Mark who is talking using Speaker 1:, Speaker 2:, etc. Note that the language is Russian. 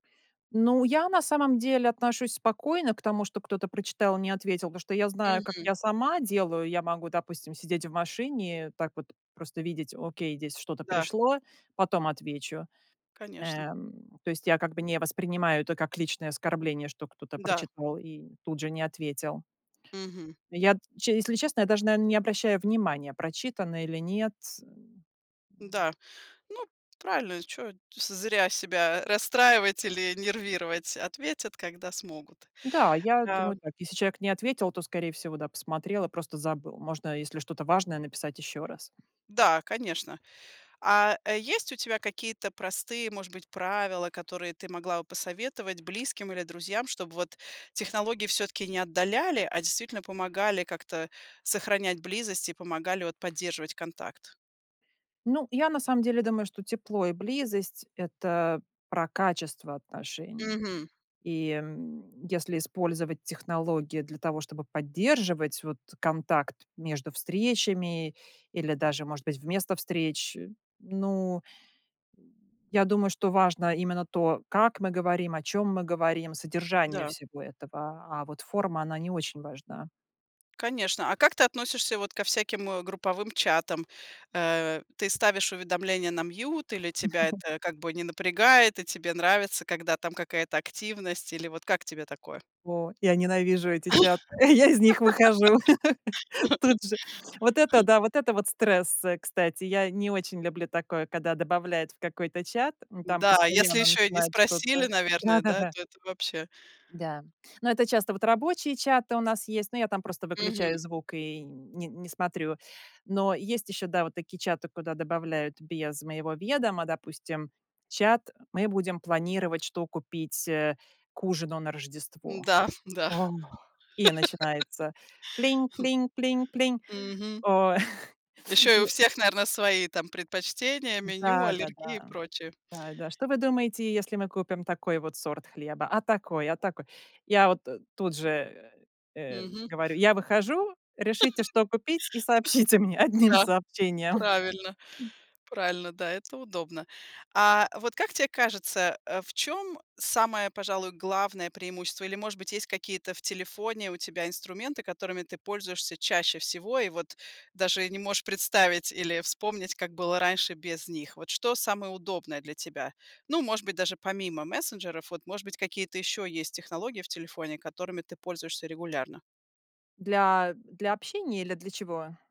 Speaker 1: Ну, я на самом деле отношусь спокойно к тому, что кто-то прочитал и не ответил, потому что я знаю, как
Speaker 2: Мгм.
Speaker 1: я сама делаю. Я могу, допустим, сидеть в машине, так вот просто видеть: "Окей, здесь что-то
Speaker 2: Да.
Speaker 1: пришло, потом отвечу".
Speaker 2: Конечно.
Speaker 1: Эм, то есть я как бы не воспринимаю это как личное оскорбление, что кто-то
Speaker 2: Да.
Speaker 1: прочитал и тут же не ответил.
Speaker 2: Мгм.
Speaker 1: Я, д че если честно, я даже, наверно, не обращаю внимания, прочитано или нет.
Speaker 2: Да, ну, правильно, чё зря себя расстраивать или нервировать, ответят, когда смогут.
Speaker 1: Да, я
Speaker 2: Да.
Speaker 1: думаю так: если человек не ответил, то, скорее всего, да, посмотрел и просто забыл. Можно, если что-то важное, написать ещё раз.
Speaker 2: Да, конечно. А, э, есть у тебя какие-то простые, может быть, правила, которые ты могла бы посоветовать близким или друзьям, чтобы, вот, технологии всё-таки не отдаляли, а действительно помогали как-то сохранять близость и помогали, вот, поддерживать контакт.
Speaker 1: Ну, я на самом деле думаю, что тепло и близость- это про качество отношений.
Speaker 2: Мгм.
Speaker 1: И, м, если использовать технологии для того, чтобы поддерживать вот контакт между встречами или даже, может быть, вместо встреч. Ну, э, я думаю, что важно именно то, как мы говорим, о чём мы говорим, содержание
Speaker 2: Да.
Speaker 1: всего этого. А вот форма, она не очень важна.
Speaker 2: Конечно. А как ты относишься вот ко всяким, э, групповым чатам? Э, ты ставишь уведомления на mute, или тебя это, как бы, не напрягает, и тебе нравится, когда там какая-то активность? Или вот как тебе такое?
Speaker 1: О, я ненавижу эти чаты, я из них выхожу тут же. Вот это да, вот это вот стресс, э, кстати. Я не очень люблю такое, когда добавляют в какой-то чат. М, там
Speaker 2: Да, если
Speaker 1: постоянно
Speaker 2: ещё и не
Speaker 1: начинают
Speaker 2: спросили,
Speaker 1: что-то
Speaker 2: наверное, да,
Speaker 1: да-да-да.
Speaker 2: то это вообще
Speaker 1: Да. Но это часто вот рабочие чаты у нас есть, но я там просто выключаю
Speaker 2: Мгм.
Speaker 1: звук и не не смотрю. Но есть ещё, да, вот такие чаты, куда добавляют без моего ведома, допустим, чат: "Мы будем планировать, что купить, э, к ужину на Рождество".
Speaker 2: М-да, да.
Speaker 1: О, и начинается: "Плинь, плинь, плинь, плинь".
Speaker 2: Мгм.
Speaker 1: О,
Speaker 2: Ещё и у
Speaker 1: и
Speaker 2: всех, наверно, свои там предпочтения, меню,
Speaker 1: Да да
Speaker 2: аллергии и
Speaker 1: да.
Speaker 2: прочее.
Speaker 1: Да, да, что вы думаете, если мы купим такой вот сорт хлеба? А такой, а такой? Я вот, э, тут же, э, э,
Speaker 2: Мгм.
Speaker 1: говорю: "Я выхожу, решите, что купить, и сообщите мне одним
Speaker 2: Да.
Speaker 1: сообщением".
Speaker 2: Правильно, правильно. Да, это удобно. А, вот как тебе кажется, а в чем самое, пожалуй, главное преимущество или, может быть, есть какие-то в телефоне у тебя инструменты, которыми ты пользуешься чаще всего и вот даже не можешь представить или вспомнить, как было раньше без них? Вот что самое удобное для тебя? Ну, может быть, даже помимо мессенджеров, вот, может быть, какие-то еще есть технологии в телефоне, которыми ты пользуешься регулярно?
Speaker 1: Для для общения или для чего?